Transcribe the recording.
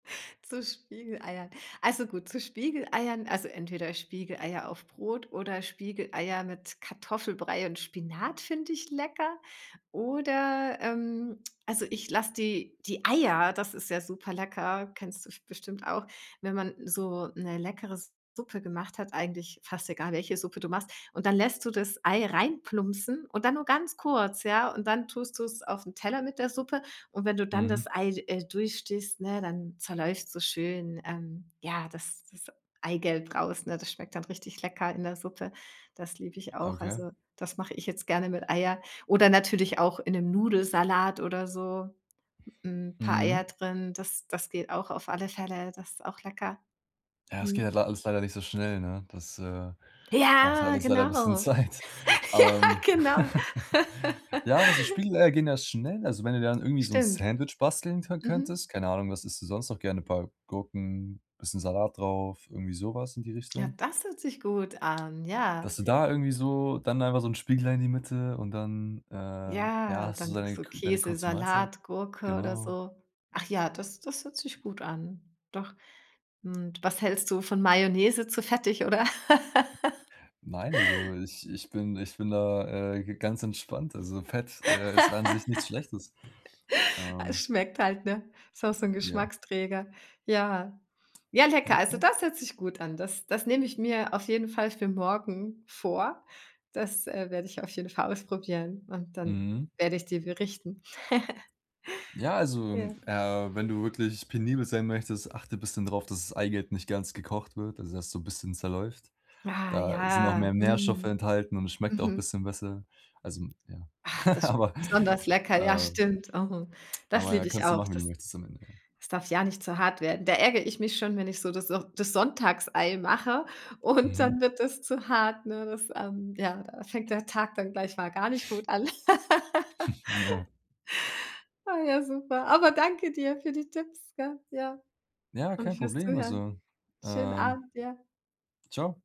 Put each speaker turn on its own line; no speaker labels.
Zu Spiegeleiern. Also gut, zu Spiegeleiern, also entweder Spiegeleier auf Brot oder Spiegeleier mit Kartoffelbrei und Spinat finde ich lecker. Oder, ähm, also, ich lasse die die Eier, das ist ja super lecker, kennst du f bestimmt auch, wenn man so 'ne leckere Suppe gemacht hat, eigentlich fast egal, welche Suppe du machst. Und dann lässt du das Ei reinplumpsen und dann nur ganz kurz, ja? Und dann tust du's auf 'n Teller mit der Suppe. Und wenn du dann
Mhm.
das Ei, äh, durchstichst, ne, dann zerläuft's so schön, ähm, ja, das das Eigelb raus, ne, das schmeckt dann richtig lecker in der Suppe. Das liebe ich auch.
Okay.
Also, das mache ich jetzt gerne mit Eier oder natürlich auch in 'nem Nudelsalat oder so, hm, paar
Mhm.
Eier drin, das das geht auch auf alle Fälle, das ist auch lecker.
Ja, es geht
Mhm.
halt leider alles leider nicht so schnell, ne? Das, äh, braucht halt
Ja.
alles leider 'n bisschen
genau.
Zeit.
Ja,
Ähm.
genau.
Ja, aber so Spiegelei gehen ja schnell, also wenn du dann irgendwie so 'n
Stimmt.
Sandwich basteln kö
Mhm.
könntest, keine Ahnung, was isst du sonst noch gerne? Paar Gurken, bisschen Salat drauf, irgendwie so was in die
Ja,
Richtung?
das hört sich gut an,
Dass
ja.
du da irgendwie so dann einfach so 'n Spiegelei in die Mitte und dann, äh, ja,
Ja,
hast du
dann
deine
so
kü deine
Käse,
kurze Mahlzeit?
Salatgurke oder
Genau.
so. Ach ja, das das hört sich gut an. Doch. Und was hältst du von Mayonnaise zu fettig, oder?
Nein, also ich ich bin ich bin da, äh, g ganz entspannt. Also Fett, äh, ist an sich nichts Schlechtes. Ähm
Schmeckt halt, ne? Ist auch so 'n
Ja.
Geschmacksträger. Ja. Ja, lecker.
Ja
Also
klar.
das hört sich gut an. Das das nehme ich mir auf jeden Fall für morgen vor. Das, äh, werde ich auf jeden Fall ausprobieren und dann
Mhm.
werde ich dir berichten.
Ja, also,
Ja.
äh, wenn du wirklich penibel sein möchtest, achte bisschen drauf, dass das Eigelb nicht ganz gekocht wird, also dass so 'n bisschen zerläuft.
Ah,
Da sind auch mehr
ja.
Nährstoffe
Mm.
enthalten und es schmeckt auch
Mhm.
bisschen besser. Also ja,
Ah. Das sch
aber,
besonders lecker. Ja,
äh
stimmt. Oh, das
Aber ja,
lieb ich
kannst du
auch.
machen, wie du
Das
möchtest am Ende, ja.
das darf ja nicht zu hart werden. Da ärgere ich mich schon, wenn ich so das auch das Sonntagsei mache und
Mhm.
dann wird das zu hart, ne? Das, ähm ja, da fängt der Tag dann gleich mal gar nicht gut an.
Ja.
Ah ja, super. Aber danke dir für die Tipps, gell? Ja.
Ja,
Und
kein
für's
Problem,
Zuhören.
also,
Schönen
ähm
Abend, ja.
Tschau.